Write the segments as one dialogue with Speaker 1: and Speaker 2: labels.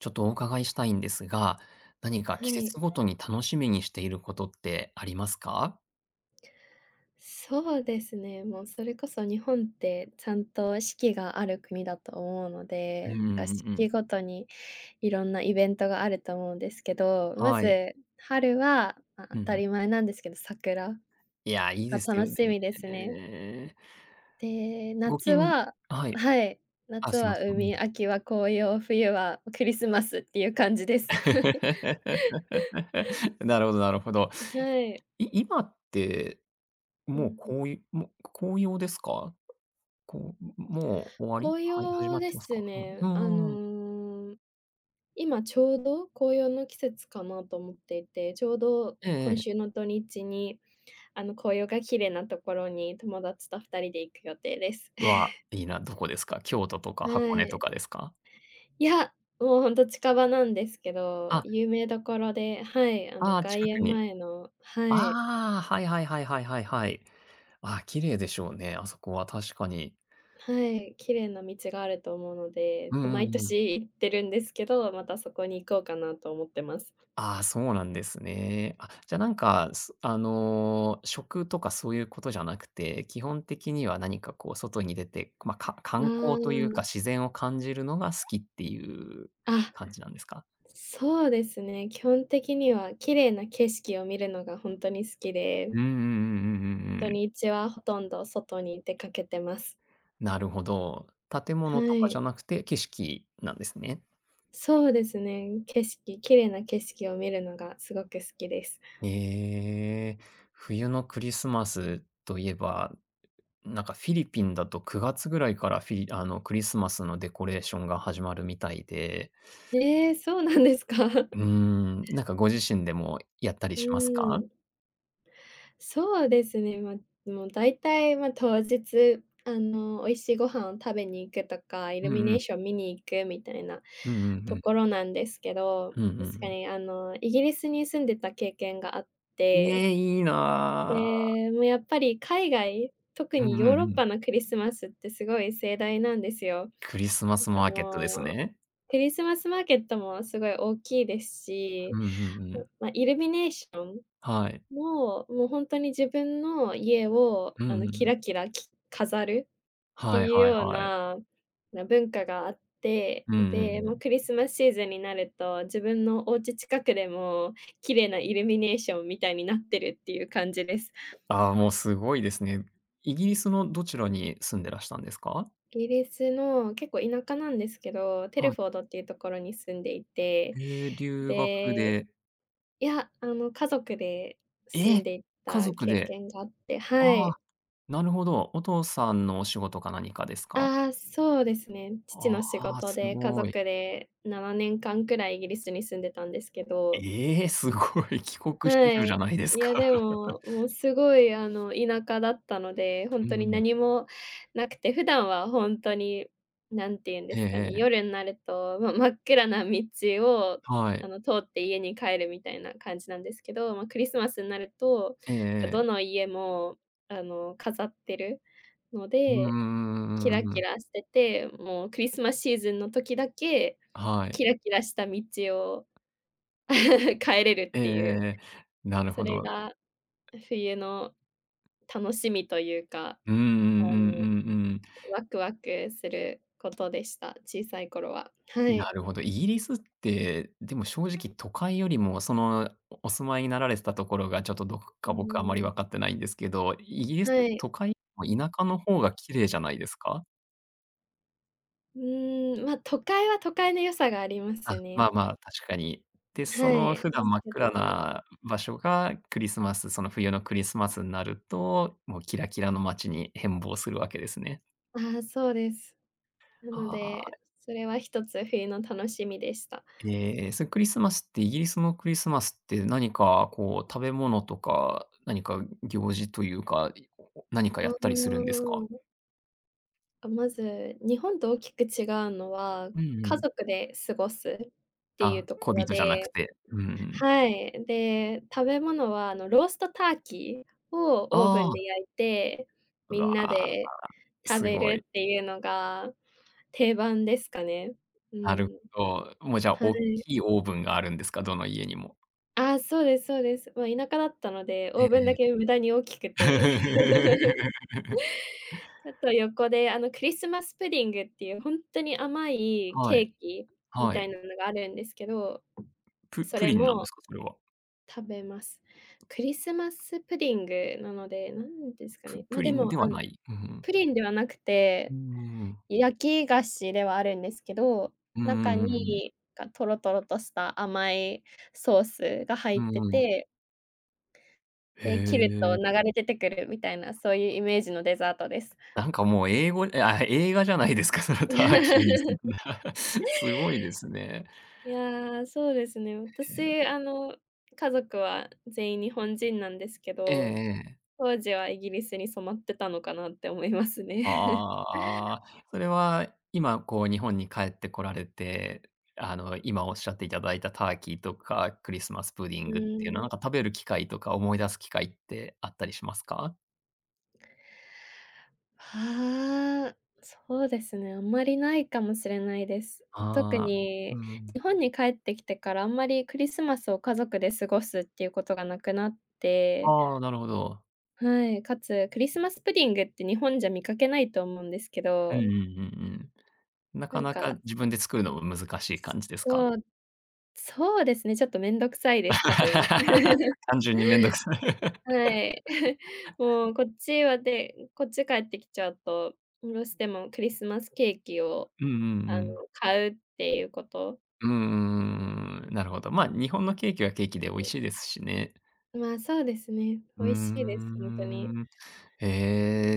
Speaker 1: ちょっとお伺いしたいんですが、何か
Speaker 2: は
Speaker 1: 季
Speaker 2: い。
Speaker 1: 節ごとに楽しみにしていることってありますか？
Speaker 2: そうですね、もうそれこそ日本って、ちゃんと四季がある国だと思うの
Speaker 1: うんう
Speaker 2: で、
Speaker 1: んう
Speaker 2: た
Speaker 1: ん
Speaker 2: 四
Speaker 1: う
Speaker 2: 季
Speaker 1: ん。
Speaker 2: ごとにいろんなイベントがあると思うんですけど、ま
Speaker 1: はい。
Speaker 2: ず春はあ
Speaker 1: うん
Speaker 2: 当
Speaker 1: う
Speaker 2: た
Speaker 1: ん。
Speaker 2: り前なんですけど桜。
Speaker 1: いや、いい
Speaker 2: が、
Speaker 1: ですよ
Speaker 2: 楽し
Speaker 1: ね、
Speaker 2: みです
Speaker 1: ね
Speaker 2: ね。
Speaker 1: え。
Speaker 2: で、
Speaker 1: ご
Speaker 2: 夏
Speaker 1: きん
Speaker 2: は
Speaker 1: はい。
Speaker 2: はい、
Speaker 1: あ、
Speaker 2: 夏
Speaker 1: すいま
Speaker 2: は
Speaker 1: せん、ん。
Speaker 2: 海、秋は紅葉、冬はクリスマスっていう感じです。
Speaker 1: なるほどなるほど。
Speaker 2: ん、はい。
Speaker 1: い今って、
Speaker 2: う
Speaker 1: もう、
Speaker 2: んうん。
Speaker 1: こういもう、こ紅葉ですか？こうもう終わり？
Speaker 2: 紅
Speaker 1: はい、始ま
Speaker 2: 葉
Speaker 1: っ
Speaker 2: で
Speaker 1: てます
Speaker 2: す
Speaker 1: か？うん、
Speaker 2: ね、
Speaker 1: う
Speaker 2: あ
Speaker 1: んうんうん。
Speaker 2: の、今ちょうど、紅葉の季節かなと思っていて、ちょうど、
Speaker 1: ええ
Speaker 2: 今
Speaker 1: ええ。
Speaker 2: 週の土日に、あの紅葉がきれいなところに、友達と2人で行く予定です。
Speaker 1: わ、いいな。どこですか？京都とか
Speaker 2: は
Speaker 1: 箱根と
Speaker 2: い。
Speaker 1: かですか？
Speaker 2: いや、もうほんと近場なんですけど、
Speaker 1: あ。
Speaker 2: 有名どころで、はい、あの
Speaker 1: ああ、
Speaker 2: 外
Speaker 1: 近く
Speaker 2: 苑
Speaker 1: に。
Speaker 2: 前のはい。
Speaker 1: ああ、はいはいはいはいはいはい。ああ、綺麗でしょうね、あそこは確かに。
Speaker 2: はい、きれいな道があると思うので、
Speaker 1: うんう
Speaker 2: 毎
Speaker 1: んうん。
Speaker 2: 年行ってるんですけど、またそこに行こうかなと思ってます。
Speaker 1: ああ、そうなんですね。あ、じゃ何か、そあの、食とかそういう事じゃなくて、基本的には何かこう外に出て、ま、か
Speaker 2: う
Speaker 1: 観光という
Speaker 2: ー
Speaker 1: か、
Speaker 2: ん。
Speaker 1: 自然を感じるのが好きっていう
Speaker 2: あ。
Speaker 1: 感じなんですか？
Speaker 2: そうですね、基本的には、綺麗な景色を見るのが本当に好きで。
Speaker 1: うんうんうん-うんうん
Speaker 2: 土
Speaker 1: うん。
Speaker 2: 日はほとんど外に出かけてます。
Speaker 1: なるほど。建物
Speaker 2: は
Speaker 1: とかじゃ
Speaker 2: い。
Speaker 1: なくて、景色なんですね。
Speaker 2: そうですね、景色、綺麗な景色を見るのがすごく好きです。
Speaker 1: ええ、冬のクリスマスと言えば、うう何かフィリピンだと9月位からフィリあの、クリスマスのデコレーションが始まるみたいで。
Speaker 2: ええ、そうなんですかう
Speaker 1: うーん、何かご自身でもやったりします
Speaker 2: ー
Speaker 1: か？
Speaker 2: ん。そうですね、ま、もうだいたいま、当日、あの、美味しいご飯を食べに行くとか、イ
Speaker 1: う
Speaker 2: ルミ
Speaker 1: んう
Speaker 2: ネー
Speaker 1: ん。
Speaker 2: ション見に行くみたいな
Speaker 1: うんうんう
Speaker 2: とこ
Speaker 1: ん。
Speaker 2: ろなんですけど、
Speaker 1: うんうんう
Speaker 2: 確か
Speaker 1: ん。
Speaker 2: に、あの、イギリスに住んでた経験があって
Speaker 1: え、いいな。
Speaker 2: で、も、やっぱり海外、特
Speaker 1: う
Speaker 2: に
Speaker 1: ん
Speaker 2: ヨー
Speaker 1: うん
Speaker 2: ロッ
Speaker 1: う
Speaker 2: パ
Speaker 1: ん。
Speaker 2: のクリスマスってすごい盛大なんですよ。
Speaker 1: クリスマ
Speaker 2: なん
Speaker 1: ス
Speaker 2: か
Speaker 1: マーケットです
Speaker 2: もう
Speaker 1: ね。
Speaker 2: クリスマスマーケットもすごい大きいです
Speaker 1: う
Speaker 2: し、
Speaker 1: んうんう
Speaker 2: ん
Speaker 1: ん。
Speaker 2: ま、イルミネーション
Speaker 1: はい。
Speaker 2: も、もうほんとに自分の家を
Speaker 1: う
Speaker 2: あ
Speaker 1: んう
Speaker 2: の
Speaker 1: んう
Speaker 2: キ
Speaker 1: ん。
Speaker 2: ラキラき飾るって
Speaker 1: はい
Speaker 2: いう
Speaker 1: はい
Speaker 2: よう
Speaker 1: はい。
Speaker 2: な、な、文化があって、
Speaker 1: うんうんう
Speaker 2: で、もう
Speaker 1: ん。
Speaker 2: クリスマスシーズンになると自分のおうち近くでも綺麗なイルミネーションみたいになってるっていう感じです。
Speaker 1: あ、もうすごいですね。イギリスのどちらに住んでらしたんですか？
Speaker 2: イギリスの、結構田舎なんですけど、テル
Speaker 1: はい。
Speaker 2: フォードっていうところに住んでいて、
Speaker 1: ええ、留学
Speaker 2: で、
Speaker 1: で。
Speaker 2: いや、あの、家族で住ん
Speaker 1: え、
Speaker 2: でい
Speaker 1: 家
Speaker 2: た
Speaker 1: 族
Speaker 2: 経
Speaker 1: で？
Speaker 2: 験があって、は
Speaker 1: あ、
Speaker 2: い。
Speaker 1: なるほど。お父さんのお仕事か何かですか？
Speaker 2: ああ、そうですね、父
Speaker 1: あ
Speaker 2: の仕
Speaker 1: あ、
Speaker 2: 事
Speaker 1: す
Speaker 2: で、家
Speaker 1: ご
Speaker 2: 族
Speaker 1: い。
Speaker 2: で7年間くらいイギリスに住んでたんですけど。
Speaker 1: ええ、すごい。帰国子
Speaker 2: は
Speaker 1: 女じゃ
Speaker 2: い、
Speaker 1: ないです
Speaker 2: い
Speaker 1: か。
Speaker 2: やでも、も うすごいあの田舎だったので、ほ
Speaker 1: う
Speaker 2: ん
Speaker 1: ん
Speaker 2: と
Speaker 1: う
Speaker 2: に
Speaker 1: んうん。
Speaker 2: 何もなくて、普段はほんとに何ていうん
Speaker 1: え
Speaker 2: で
Speaker 1: え
Speaker 2: すかね、
Speaker 1: ええ。
Speaker 2: 夜んなるとま、真っ暗な道を、
Speaker 1: は
Speaker 2: あ
Speaker 1: い。
Speaker 2: の、通って家に帰るみたいな感じなんですけど、ま、クリスマスになると、
Speaker 1: ええ
Speaker 2: か
Speaker 1: え
Speaker 2: ど
Speaker 1: え。
Speaker 2: の家もあの、飾ってるの
Speaker 1: うん
Speaker 2: で、キ
Speaker 1: うんうんう
Speaker 2: ラ
Speaker 1: んうんう
Speaker 2: キ
Speaker 1: ん。
Speaker 2: ラしてて、もうクリスマスシーズンの時だけ
Speaker 1: は
Speaker 2: キ
Speaker 1: い。
Speaker 2: ラキラした道を 帰れる
Speaker 1: え
Speaker 2: っ
Speaker 1: え
Speaker 2: て
Speaker 1: え
Speaker 2: いう。
Speaker 1: えええ、なる
Speaker 2: そ
Speaker 1: ほ
Speaker 2: れ
Speaker 1: ど。
Speaker 2: が、冬の楽しみというか。
Speaker 1: うんうんうんうん
Speaker 2: あ
Speaker 1: う
Speaker 2: の、
Speaker 1: ん。
Speaker 2: ワクワクすることでした。小さい頃は。は
Speaker 1: な
Speaker 2: い。
Speaker 1: るほど、イギリスって、でも正直都会よりも、その、おお住まいになられてたところが、ちょっとどこ
Speaker 2: うー
Speaker 1: か僕はあまり
Speaker 2: ん。
Speaker 1: わかってないんですけど、イイギリスって
Speaker 2: はい。
Speaker 1: 都会、田舎の方が綺麗じゃないですか？
Speaker 2: うーん、ま、都会は都会の良さがありま
Speaker 1: あ、
Speaker 2: す
Speaker 1: まあ
Speaker 2: ね。
Speaker 1: まあ、確かに。で、
Speaker 2: は
Speaker 1: その、
Speaker 2: い、
Speaker 1: 普
Speaker 2: で
Speaker 1: 段
Speaker 2: す
Speaker 1: 真っ
Speaker 2: け
Speaker 1: 暗
Speaker 2: ど。
Speaker 1: な場所がクリスマスその、冬のクリスマスになると、もう、キラキラの街に変貌する訳ですね。
Speaker 2: ああ、そうです。なの
Speaker 1: ああ。
Speaker 2: で、それは1つ冬の楽しみでした。
Speaker 1: ええ、そのクリスマスって、イギリスのクリスマスって何か、こう、食べ物とか、何か行事というか、何か
Speaker 2: う
Speaker 1: やったりするんです
Speaker 2: ー
Speaker 1: か？
Speaker 2: ん。あ、まず、日本と大きく違うのは、
Speaker 1: うんう
Speaker 2: 家
Speaker 1: ん。
Speaker 2: 族で過ごすっていう
Speaker 1: あ、
Speaker 2: とこ
Speaker 1: 恋
Speaker 2: ろ
Speaker 1: 人じゃなく
Speaker 2: で
Speaker 1: て、うーん。
Speaker 2: はい、で、食べ物は、あの、ローストターキーをオーブ
Speaker 1: あ
Speaker 2: ン
Speaker 1: あ。
Speaker 2: で焼いて、
Speaker 1: う
Speaker 2: みん
Speaker 1: わ、
Speaker 2: な
Speaker 1: ああ。
Speaker 2: で食
Speaker 1: す
Speaker 2: べ
Speaker 1: ご
Speaker 2: る
Speaker 1: い。
Speaker 2: っていうのが定番ですかね。う
Speaker 1: なる、
Speaker 2: ん。
Speaker 1: ど、もうじゃあ、
Speaker 2: は
Speaker 1: おっ
Speaker 2: い。
Speaker 1: きいオーブンがあるんですか？どの家にも。
Speaker 2: あ、そうですそうです。もう田舎だったので、
Speaker 1: え
Speaker 2: オーブンだ
Speaker 1: え
Speaker 2: け無駄に大きく
Speaker 1: ええ。
Speaker 2: て。あと、横で、あの、クリスマスプディングっていう、ほんっとに甘い
Speaker 1: は
Speaker 2: ケ
Speaker 1: い。
Speaker 2: ーキみ
Speaker 1: は
Speaker 2: たい
Speaker 1: い。
Speaker 2: なのがあるんですけど、
Speaker 1: プ
Speaker 2: そ
Speaker 1: プ
Speaker 2: れ
Speaker 1: リンなんで
Speaker 2: も
Speaker 1: すか？それは？
Speaker 2: 食べます。クリスマスプディングなので、何ですか
Speaker 1: プ
Speaker 2: ね。ま、
Speaker 1: プ
Speaker 2: で
Speaker 1: リン
Speaker 2: も、
Speaker 1: で
Speaker 2: あ
Speaker 1: は
Speaker 2: の、
Speaker 1: ない。うん。
Speaker 2: プリンではなく
Speaker 1: うー
Speaker 2: て、
Speaker 1: ん。
Speaker 2: 焼き菓子ではあるんですけど、
Speaker 1: うんう
Speaker 2: 中
Speaker 1: んうんうん。
Speaker 2: に、かトロトロとした甘いソースが入
Speaker 1: う
Speaker 2: って
Speaker 1: ーん。
Speaker 2: て。
Speaker 1: へ
Speaker 2: で、切ると
Speaker 1: え。
Speaker 2: 流れ出てくるみたいな、そういうイメージのデザートです。
Speaker 1: なんか、もう、英語ああ、映画じゃないですか、その、ターキーに。すごいですね。
Speaker 2: いや、そうですね、
Speaker 1: へ
Speaker 2: 私、
Speaker 1: え。
Speaker 2: あの、家族は全員日本人なんですけ
Speaker 1: ええ
Speaker 2: ど、
Speaker 1: ええ。
Speaker 2: 当時はイギリスに染まってたのかなって思いますね。
Speaker 1: あ あああ。それは今、こう、日本に帰ってこられて、あの、今おっしゃっていただいたターキーとか、クリスマスプディ
Speaker 2: う
Speaker 1: ングっていう
Speaker 2: ー
Speaker 1: の、
Speaker 2: ん。
Speaker 1: なんか、食べる機会とか思い出す機会ってあったりしますか？
Speaker 2: ああ、そうですね、あまりないかもしれないです。特
Speaker 1: ああ、う
Speaker 2: に、
Speaker 1: ん。
Speaker 2: 日本に帰ってきてからあんまり、クリスマスを家族で過ごすっていうことがなくなって
Speaker 1: ああ、なるほど。
Speaker 2: はい、かつ、クリスマスプディングって日本じゃ見かけないと思うんですけ
Speaker 1: うんうんう
Speaker 2: ど
Speaker 1: んうん。な
Speaker 2: な
Speaker 1: か
Speaker 2: ん
Speaker 1: な
Speaker 2: か
Speaker 1: か自分で作るのも難しい感じですか？
Speaker 2: そう、そうですね、ちょっとめんどくさいです、多分。
Speaker 1: 単純にめんどくさい。
Speaker 2: はい。もう、こっちは、で、こっち帰ってきちゃうと、おろしても、クリスマスケーキを、
Speaker 1: うんうんう
Speaker 2: あ
Speaker 1: ん。
Speaker 2: の、買うっていうこと
Speaker 1: うんうんうんうんうん、なるほど。ま、日本のケーキはケーキで美味
Speaker 2: [unintelligible]
Speaker 1: しいですしね。
Speaker 2: まあ、そうですね。
Speaker 1: う
Speaker 2: 美
Speaker 1: ー
Speaker 2: 味しいです、ほんとに。
Speaker 1: ん。え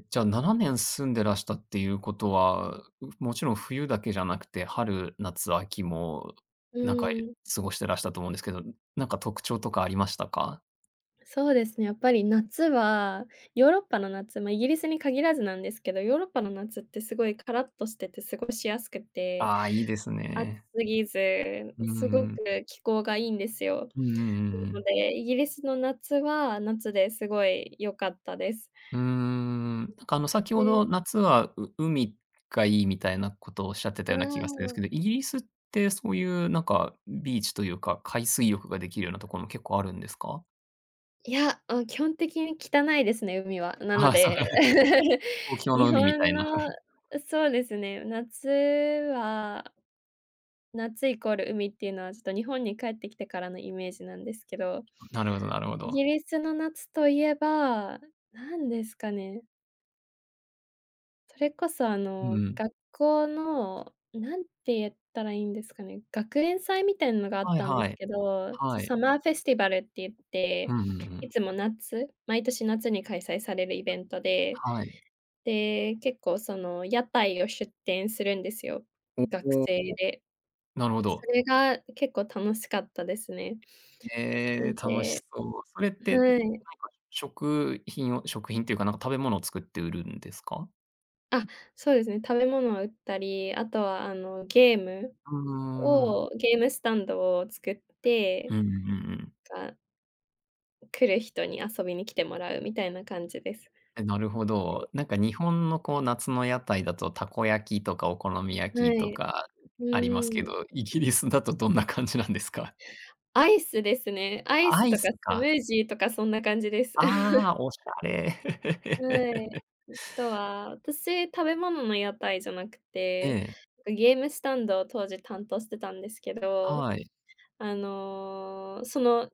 Speaker 1: え、じゃあ、7年住んでらしたっていうことは、うもちろん冬だけじゃなくて、春、夏、秋も、
Speaker 2: う
Speaker 1: なんか、え
Speaker 2: ーん。
Speaker 1: 過ごしてらしたと思うんですけど、ん何か特徴とかありましたか？
Speaker 2: そうですね、やっぱり、夏は、ヨーロッパの夏ま、イギリスに限らずなんですけど、ヨーロッパの夏ってすごい、カラッとしてて過ごしやすくて、
Speaker 1: ああ、いいです
Speaker 2: 暑
Speaker 1: ね。
Speaker 2: すぎず、
Speaker 1: う
Speaker 2: す
Speaker 1: ん
Speaker 2: ご
Speaker 1: う
Speaker 2: く
Speaker 1: ん。
Speaker 2: 気候がいいんですよ。
Speaker 1: うんうんうんう
Speaker 2: なの
Speaker 1: ん。
Speaker 2: で、イギリスの夏は、夏ですごいよかったです。
Speaker 1: うーん、なんか、あの、先ほ
Speaker 2: え。
Speaker 1: ど夏は、う海がいいみたいなことをおっしゃって
Speaker 2: う
Speaker 1: たような気がするん
Speaker 2: ー
Speaker 1: す
Speaker 2: ん。
Speaker 1: けど、イギリスってそういう、なんか、んビーチというか、海水浴ができるようなとこも結構あるんですか？
Speaker 2: いや、あ、基本的に汚いですね、海は。なの
Speaker 1: ああ、そう、
Speaker 2: で
Speaker 1: 東 京の
Speaker 2: 日
Speaker 1: 海みた
Speaker 2: 本
Speaker 1: いな。
Speaker 2: の、そうですね、夏は夏イコール海っていうのは、ちょっと日本に帰ってきてからのイメージなんですけど。
Speaker 1: なるほどなるほ
Speaker 2: イ
Speaker 1: ど。
Speaker 2: ギリスの夏といえば、なんですかね。それこそあ
Speaker 1: う
Speaker 2: の、
Speaker 1: ん。
Speaker 2: 学校の、何て言ったらいいんですかね、学園祭みたいなのがあっ
Speaker 1: はい
Speaker 2: たんで
Speaker 1: は
Speaker 2: す
Speaker 1: い、
Speaker 2: けど、そ、
Speaker 1: はい。
Speaker 2: サマーフェスティバルって言って、
Speaker 1: うんうんう
Speaker 2: い
Speaker 1: ん。
Speaker 2: つも夏、毎年夏に開催されるイベントで、
Speaker 1: はい。
Speaker 2: で、結構その屋台を出店するんですよ、
Speaker 1: お
Speaker 2: 学
Speaker 1: おお、
Speaker 2: 生で。
Speaker 1: なるほ
Speaker 2: そ
Speaker 1: ど。
Speaker 2: れが、結構楽しかったですね。そ
Speaker 1: へえ、
Speaker 2: う
Speaker 1: 楽し
Speaker 2: で
Speaker 1: そう。それって、ん、なん
Speaker 2: は
Speaker 1: か
Speaker 2: い。
Speaker 1: 食品を食品っていうか、なんか食べ物を作って売るんですか？
Speaker 2: あ、そうですね、食べ物を売ったり、あとはあのゲーム？
Speaker 1: うーん。
Speaker 2: を、ゲームスタンドを作っ
Speaker 1: う
Speaker 2: て、
Speaker 1: んうんうんうん。
Speaker 2: か来る人に遊びに来てもらうみたいな感じです。
Speaker 1: え、なるほ
Speaker 2: で。
Speaker 1: ど。なんか日本のこう夏の屋台だと、たこ焼きとかお好み焼
Speaker 2: は
Speaker 1: きと
Speaker 2: い、
Speaker 1: か
Speaker 2: う
Speaker 1: ありますけ
Speaker 2: ーん。
Speaker 1: ど、イギリスだとどんな感じなんですか？
Speaker 2: アイスですね。アイ
Speaker 1: ア
Speaker 2: ス
Speaker 1: イ
Speaker 2: とか
Speaker 1: ス
Speaker 2: スム
Speaker 1: か。
Speaker 2: ージーとかそんな感じです。
Speaker 1: ああ、おしゃれ。
Speaker 2: はい。あとは、私、食べ物の屋台じゃなくて、
Speaker 1: ええ。
Speaker 2: なんかゲームスタンドを当時担当してたんですけど、
Speaker 1: はい。
Speaker 2: あの、その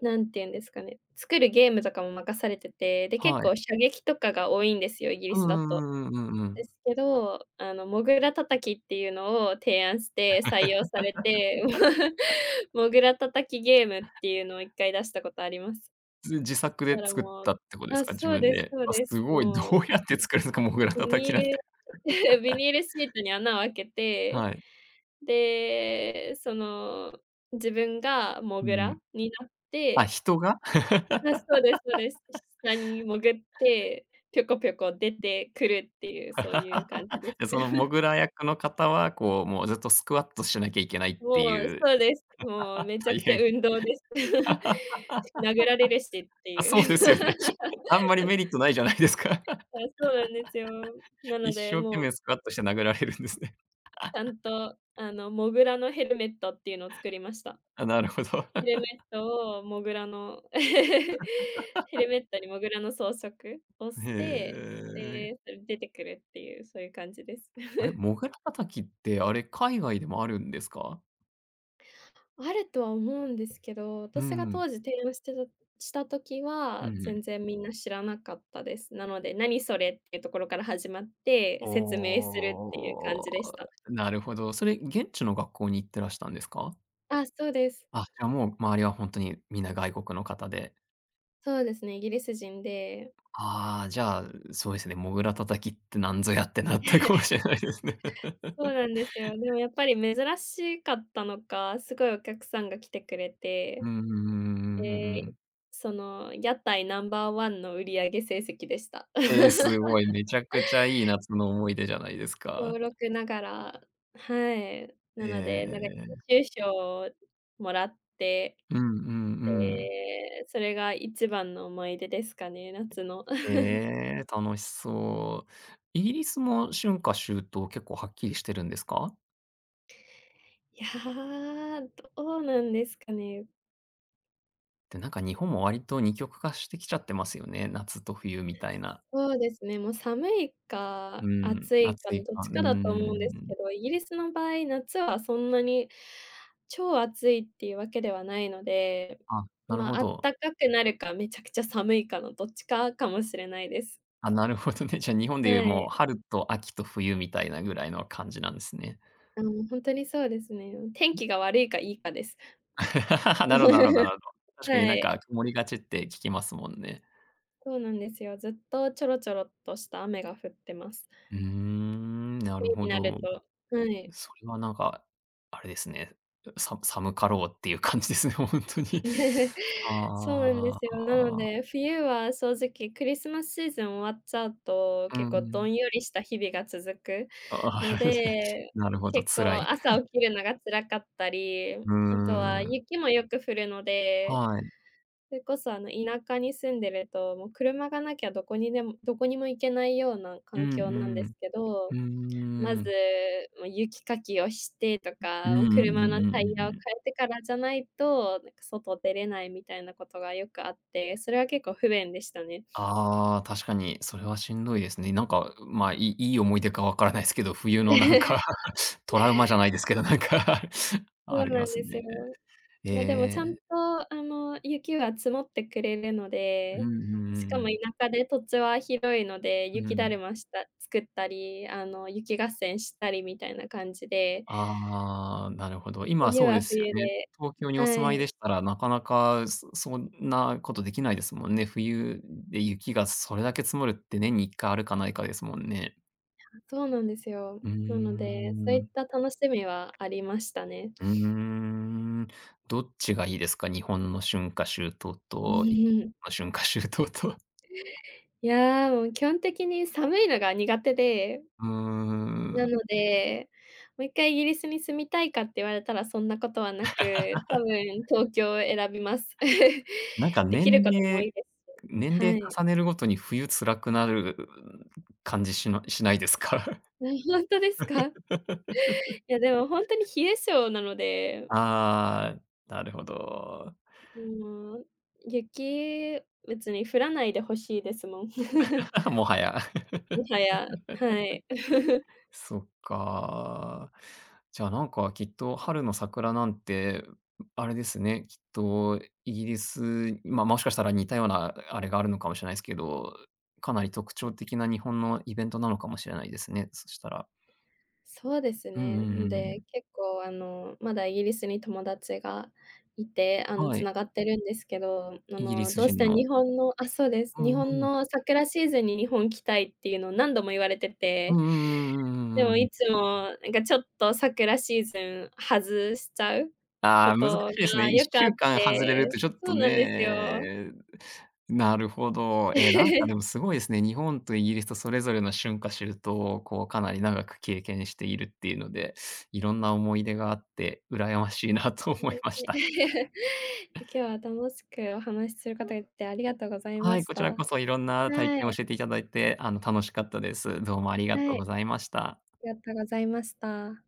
Speaker 2: なんていうんですかね、作るゲームとかも任されてて、で結
Speaker 1: はい。
Speaker 2: 構射撃とかが多いんですよ、イギリ
Speaker 1: う
Speaker 2: スだと。
Speaker 1: んうんうんうんうんう
Speaker 2: で
Speaker 1: ん。
Speaker 2: すけど、あのモグラ叩きっていうのを提案して採用されて、モグラ叩きゲームっていうのを1回出したことあります。
Speaker 1: ず自作
Speaker 2: そ
Speaker 1: で
Speaker 2: したら
Speaker 1: 作っ
Speaker 2: もう
Speaker 1: たってことです
Speaker 2: あ、
Speaker 1: か？自
Speaker 2: そう
Speaker 1: 分
Speaker 2: です
Speaker 1: で、
Speaker 2: そう
Speaker 1: あ、
Speaker 2: で
Speaker 1: す
Speaker 2: す、
Speaker 1: ごい、ど
Speaker 2: も
Speaker 1: う
Speaker 2: う
Speaker 1: やって作るのか、モグラ
Speaker 2: ビ
Speaker 1: 叩
Speaker 2: ニ
Speaker 1: きなんて。
Speaker 2: ール ビニールシートに穴を開けて、
Speaker 1: はい。
Speaker 2: で、その自分がモ
Speaker 1: う
Speaker 2: グ
Speaker 1: ん。
Speaker 2: ラになっ
Speaker 1: あ、
Speaker 2: て。
Speaker 1: 人が？
Speaker 2: あ、そうですそうです。下に潜って、ぴょこぴょこ出てくるっていう、そういう感じで す。
Speaker 1: で、そのモ グラ役の方は、こう、もうずっとスクワットしなきゃいけないって
Speaker 2: もう、
Speaker 1: いう、
Speaker 2: そうです。もう めちゃ
Speaker 1: 大
Speaker 2: くちゃ
Speaker 1: 変。
Speaker 2: 運動です。殴られるしっ て
Speaker 1: あ、そう
Speaker 2: い
Speaker 1: で
Speaker 2: う。
Speaker 1: すよね。あんまりメリットないじゃないですか。
Speaker 2: あ、そうなんですよ。なの
Speaker 1: 一
Speaker 2: で、
Speaker 1: 生懸
Speaker 2: もう
Speaker 1: 命スクワットして殴られるんですね。
Speaker 2: ちゃん と、あの、モグラのヘルメットっていうのを作りました。
Speaker 1: あ、なるほど。
Speaker 2: へルメットをモグラの。ヘル メットにモグラの装飾を
Speaker 1: へ
Speaker 2: して、
Speaker 1: え。
Speaker 2: で、それ出てくるっていう、そういう感じです。
Speaker 1: あれ、モグラ叩きって、あれ海外でもあるんですか？
Speaker 2: あるとは思うんですけど、
Speaker 1: うん
Speaker 2: 私が
Speaker 1: うん。
Speaker 2: 当時提案してるした時
Speaker 1: う
Speaker 2: は、
Speaker 1: んうん。
Speaker 2: 全然みんな知らなかったです。なので、なにそれってところから始まって、
Speaker 1: お
Speaker 2: 説明するっていう感じでし
Speaker 1: お、
Speaker 2: た。
Speaker 1: なるほど。それ現地の学校に行ってらしたんですか？
Speaker 2: あ、そうです。
Speaker 1: あ、じゃもう、周りはほんとに皆外国の方で。
Speaker 2: そうですね、イギリス人で
Speaker 1: ああ、じゃあ、う、そうですね、モグラ叩きってなんぞやってなったかも しれないですね。
Speaker 2: そう なんですよ。でもやっぱり珍しかったのか、すごいお客さんが来てくれ
Speaker 1: う
Speaker 2: て。
Speaker 1: んうんうんうんうんうんう
Speaker 2: で、
Speaker 1: ん。
Speaker 2: その屋台ナンバーワンの売り上げ成績でした。
Speaker 1: ええ、すごい、めちゃくちゃいい夏の思い出じゃないです
Speaker 2: しょう
Speaker 1: か。
Speaker 2: ろくながらはい。な
Speaker 1: ええええ
Speaker 2: ので、なんか
Speaker 1: ええええ。
Speaker 2: 優秀賞をもらって、
Speaker 1: うんうんうん。
Speaker 2: で、それが一番の思い出ですかね、夏の。
Speaker 1: ええ、楽しそう。イギリスも春夏秋冬結構はっきりしてるんですか？
Speaker 2: いや、どうなんですかね。
Speaker 1: で、なんか日本も割と二極化してきちゃってますよね、夏と冬みたいな。
Speaker 2: そうですね、もう寒い
Speaker 1: う
Speaker 2: か
Speaker 1: ん、
Speaker 2: 暑いか
Speaker 1: 暑
Speaker 2: の
Speaker 1: い
Speaker 2: どっ
Speaker 1: か、
Speaker 2: ち
Speaker 1: うー
Speaker 2: かだと思うんですけ
Speaker 1: ん。
Speaker 2: ど、イギリスの場合、夏はそんなに超暑いっていうわけではないので、
Speaker 1: あ、なる
Speaker 2: ま、
Speaker 1: ほ
Speaker 2: あっ
Speaker 1: ど。
Speaker 2: たかくなるか、めちゃくちゃ寒いかのどっちかかもしれないです。
Speaker 1: あ、なるほどね、じゃあ、日本で言う、
Speaker 2: は
Speaker 1: も
Speaker 2: い。
Speaker 1: う春と秋と冬みたいなぐらいの感じなんですね。
Speaker 2: うん、ほんとにそうですね。うん、天
Speaker 1: うん。
Speaker 2: 気が悪いか、いいかです。
Speaker 1: なろなろな ろうど。確かに
Speaker 2: は
Speaker 1: なん
Speaker 2: い。
Speaker 1: か曇りがちって聞きますもんね。
Speaker 2: そうなんですよ、ずっとちょろちょろっとした雨が降ってます。
Speaker 1: うーん、な
Speaker 2: 冬
Speaker 1: るほ
Speaker 2: になる
Speaker 1: ど。
Speaker 2: と、はい。
Speaker 1: うそれはなんが、あれですね、うさむ寒かろうっていう感じですね、ほんとに。
Speaker 2: そうなんで
Speaker 1: あ
Speaker 2: すよ、なの
Speaker 1: あ。
Speaker 2: で、冬は正直クリスマスシーズン終わっちゃうと、
Speaker 1: うんう
Speaker 2: 結構ど
Speaker 1: ん。
Speaker 2: んよりした日々が続く
Speaker 1: ああ。
Speaker 2: の で、
Speaker 1: なるほど、
Speaker 2: 結
Speaker 1: 辛
Speaker 2: 構
Speaker 1: い。
Speaker 2: 朝 起きるのが辛かったり、
Speaker 1: うー
Speaker 2: あとは
Speaker 1: ん。
Speaker 2: 雪もよく降るので、
Speaker 1: はい。
Speaker 2: それこそあの、田舎に住んでると、もう車がなきゃどこにでもどこにも行けないような
Speaker 1: う
Speaker 2: 環
Speaker 1: ん
Speaker 2: 境なん
Speaker 1: う
Speaker 2: で
Speaker 1: ん。
Speaker 2: すけ
Speaker 1: う
Speaker 2: ど、ま
Speaker 1: ー
Speaker 2: ず、
Speaker 1: ん。
Speaker 2: もう雪かきをしてと
Speaker 1: うん、
Speaker 2: か、
Speaker 1: う
Speaker 2: もう車
Speaker 1: んうん
Speaker 2: の
Speaker 1: うんうん
Speaker 2: タ
Speaker 1: う
Speaker 2: イ
Speaker 1: ん
Speaker 2: ヤを
Speaker 1: うん。
Speaker 2: 変えてからじゃないと、なんか外出れないみたいなことがよくあって、それは結構不便でしたね。
Speaker 1: ああ、確かに。それはしんどいですね。なんか、うま、いいい思い出かわからないすけど、冬のなんか、トラウマじゃないですけど、なんか、
Speaker 2: そ
Speaker 1: あ
Speaker 2: う
Speaker 1: り
Speaker 2: なん
Speaker 1: ます
Speaker 2: です
Speaker 1: ね。
Speaker 2: よ。
Speaker 1: え
Speaker 2: ま、でもちゃ
Speaker 1: え。
Speaker 2: んと、あの、雪は積もってくれるの
Speaker 1: うん、う
Speaker 2: で、
Speaker 1: んうん
Speaker 2: し
Speaker 1: う
Speaker 2: かも田
Speaker 1: ん。
Speaker 2: 舎で土地は広いので、
Speaker 1: う
Speaker 2: 雪だ
Speaker 1: ん。
Speaker 2: るました作ったり、あの、雪合戦したりみたいな感じで
Speaker 1: ああ、なるほど、今
Speaker 2: 冬
Speaker 1: そうで
Speaker 2: は
Speaker 1: すよ
Speaker 2: 冬
Speaker 1: ね、
Speaker 2: で
Speaker 1: 東京にお
Speaker 2: は
Speaker 1: 住まい
Speaker 2: い。
Speaker 1: でしたら、なかなか、すそんなことできないですもんね、冬、ん、で雪がそれだけ積もるって年にいっかあるかないかですもんね。
Speaker 2: あ、そうなんですよ。
Speaker 1: うー
Speaker 2: なので、そういっ
Speaker 1: ん。
Speaker 2: た楽しみはありましたね。
Speaker 1: うーん。どっちがいいですか？日本の春夏秋冬と、い
Speaker 2: ね。
Speaker 1: か春夏秋冬と。
Speaker 2: ええ、いや、もう基本的に寒いのが苦手で。
Speaker 1: うー
Speaker 2: な
Speaker 1: ん。
Speaker 2: ので、もう1回イギリスに住みたいかって言われたらそんなことはなく、多 分東京を選びます。
Speaker 1: なんか
Speaker 2: 出来
Speaker 1: 年
Speaker 2: る事も多
Speaker 1: 齢
Speaker 2: いです
Speaker 1: 年
Speaker 2: し、は
Speaker 1: 齢
Speaker 2: い。
Speaker 1: 重ねるごとに冬辛くなる感じしましないですか？
Speaker 2: ええ、ほんとですか？いや、でもほんとに冷え性なので。
Speaker 1: ああ、なるほど。
Speaker 2: うーん、雪、別に降らないで欲しいですもん。
Speaker 1: もはや。
Speaker 2: もはや、はい。
Speaker 1: そっか。じゃあ何かきっと春の桜なんて、あれですね、きっとイギリス、まあ、もしかしたら似たようなあれがあるのかもしれないすけど、かなり特徴的な日本のイベントなのかもしれないですね、そしたら。
Speaker 2: そうです
Speaker 1: うんう
Speaker 2: ね。
Speaker 1: ん
Speaker 2: ん
Speaker 1: うんう
Speaker 2: で、
Speaker 1: ん。
Speaker 2: 結構あの、まだイギリスに友達がいて、あの、
Speaker 1: は
Speaker 2: つ
Speaker 1: い。
Speaker 2: ながってるんですけど、あ
Speaker 1: イギリ
Speaker 2: の、
Speaker 1: ス
Speaker 2: どうし
Speaker 1: 人
Speaker 2: て
Speaker 1: の。
Speaker 2: 日本のあ、そうです、
Speaker 1: うん
Speaker 2: 日本
Speaker 1: うん。
Speaker 2: の桜シーズンに日本来たいっていうの、何度も言われて
Speaker 1: うん
Speaker 2: て。
Speaker 1: うんうんう
Speaker 2: で
Speaker 1: んう
Speaker 2: も、
Speaker 1: んう
Speaker 2: い
Speaker 1: ん。
Speaker 2: つも、なんかちょっと桜シーズン外しちゃう
Speaker 1: ああ、難し
Speaker 2: 事
Speaker 1: いですね。
Speaker 2: が
Speaker 1: いっ
Speaker 2: よく
Speaker 1: し
Speaker 2: あ
Speaker 1: ゅ
Speaker 2: っ
Speaker 1: うかん外れる
Speaker 2: て、
Speaker 1: と、ちょっ
Speaker 2: そ
Speaker 1: と
Speaker 2: うなんですよ。
Speaker 1: ね、なるほど。ええ、なんか でも凄いですね。日本とイギリスとそれぞれの春夏秋冬をこう、かなり長く経験しているっていうので、色んな思い出があって羨ましいなと
Speaker 2: うれし。
Speaker 1: 思いました。
Speaker 2: 今日は楽しくお話しする
Speaker 1: う。
Speaker 2: 方で、ありがとうございま
Speaker 1: はい、
Speaker 2: し
Speaker 1: こちら
Speaker 2: た。
Speaker 1: こそ、色んな体
Speaker 2: は
Speaker 1: 験を
Speaker 2: い。
Speaker 1: 教えて頂いて、あの、楽しかったです。どうもありがと
Speaker 2: は
Speaker 1: う
Speaker 2: い。
Speaker 1: ござ
Speaker 2: あ
Speaker 1: いました。
Speaker 2: りがとうございました。